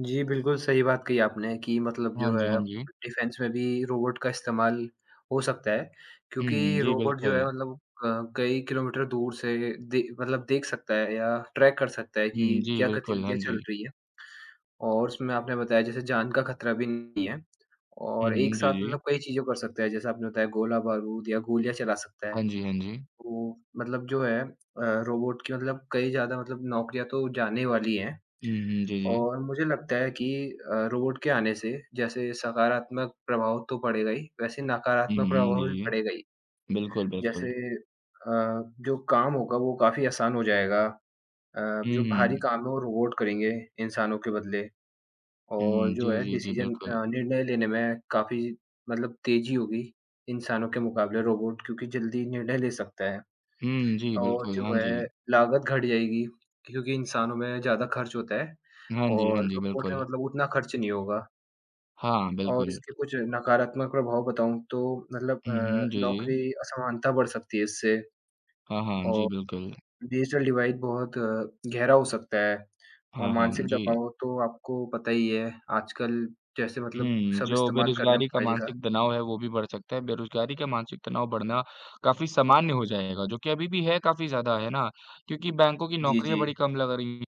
जी, बिल्कुल सही बात कही आपने कि मतलब हाँ जो जी, हाँ है, जी। डिफेन्स में भी रोबोट का इस्तेमाल हो सकता है। हुँ, हुँ। क्योंकि जी रोबोट जो है बिल्कुल। मतलब क कई किलोमीटर दूर से ए दे मतलब देख सकता है या ट्रैक कर सकता है हुँ, कि जी क्या बिल्कुल, हाँ गतिविधियाँ चल जी। रही हैं। और उसमें आपने बताया जैसे जान का खतरा भी नहीं है हुँ, और एक हुँ। जी, साथ मतलब जी। कई चीज़ों कर सकता है। जैसे आपने बताया गोला-बारूद या गोलियाँ चला सकता है। हाँ जी, हाँ जी। तो मतलब जो है अ, रोबोट के मतलब कई ज़्यादा मतलब नौकरियाँ तो जाने वाली हैं। हुँ, हुँ। जी, जी। और मुझे लगता है कि अ, रोबोट के आने से जैसे सकारात्मक प्रभाव तो पड़ेगा ही वैसे हुँ, हुँ। नकारात्मक जी, प्रभाव भी जी। पड़ेगा ही। बिल्कुल, जैसे बिल्कुल। अ, जो काम होगा वो काफ़ी आसान हो जाएगा। अ, हुँ, जो भारी हुँ। काम हो रोबोट करेंगे इंसानों के बदले हुँ। और जो जी, है जी, जी, डिसीज़न बिल्कुल। अ, निर्णय लेने में काफ़ी मतलब तेजी होगी। इंसानों के मुकाबले रोबोट क्योंकि जल्दी निर्णय ले सकता है हुँ, जी और बिल्कुल। जो हाँ है जी। लागत घट जाएगी क्योंकि इंसानों में ज़्यादा खर्च होता है हाँ जी, हाँ और जी, रोबोट है बिल्कुल। मतलब उतना ख़र्च नहीं होगा। हाँ, और बिल्कुल। इसके कुछ नकारात्मक प्रभाव बताऊँ तो मतलब अ, हुँ, हुँ। जी, जी। नौकरी असमानता बढ़ सकती है इससे, हाँ, हाँ। जी और बिल्कुल। डिजिटल डिवाइड बहुत गहरा हो सकता है। और हाँ, हाँ। अम, मानसिक जी। दबाव तो आपको पता ही है, आजकल जैसे हुँ, मतलब हुँ। सब जो इस्तेमाल कर रहे हैं बेरोज़गारी का मोबाइल का। मानसिक तनाव है वो भी बढ़ सकता है। बेरोज़गारी का मानसिक तनाव बढ़ना काफ़ी सामान्य हो जाएगा जो कि अभी भी है काफ़ी ज़्यादा है ना? क्योंकि बैंकों की जी, नौकरियाँ बड़ी जी। कम लग रही हैं।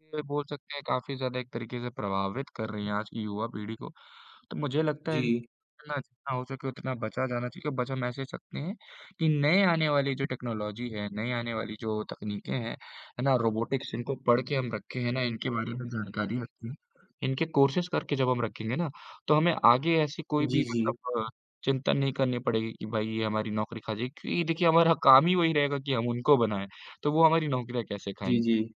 [unintelligible] बोल सकते हैं काफ़ी ज़्यादा एक तरीके से प्रभावित कर रही है आज की युवा पीढ़ी को। तो मुझे लगता है इन [unintelligible] जी। जितना जितना हो सके उतना बचा जाना चाहिए। बच हम ऐसे सकते हैं कि नए आने वाली जो टेक्नोलॉज़ी है, नई आने वाली जो तकनीकें हैं, है ना रोबोटिक्स इनको पढ़ के हम रखें है ना इनके बारे में जानकारी रखते हैं। इनके कोर्सेज़ करके जब हम रखेंगे ना, तो हमें आगे ऐसी कोई भी जी, जी। मतलब चिंतन नहीं करनी पड़ेगी कि भई ये हमारी नौकरी खा जाएगी। क्योंकि देखिए हमारा काम ही वही रहेगा कि हम उनको बनाएँ, तो वो हमारी नौकरियाँ कैसे खाएँगे? जी, जी। जी।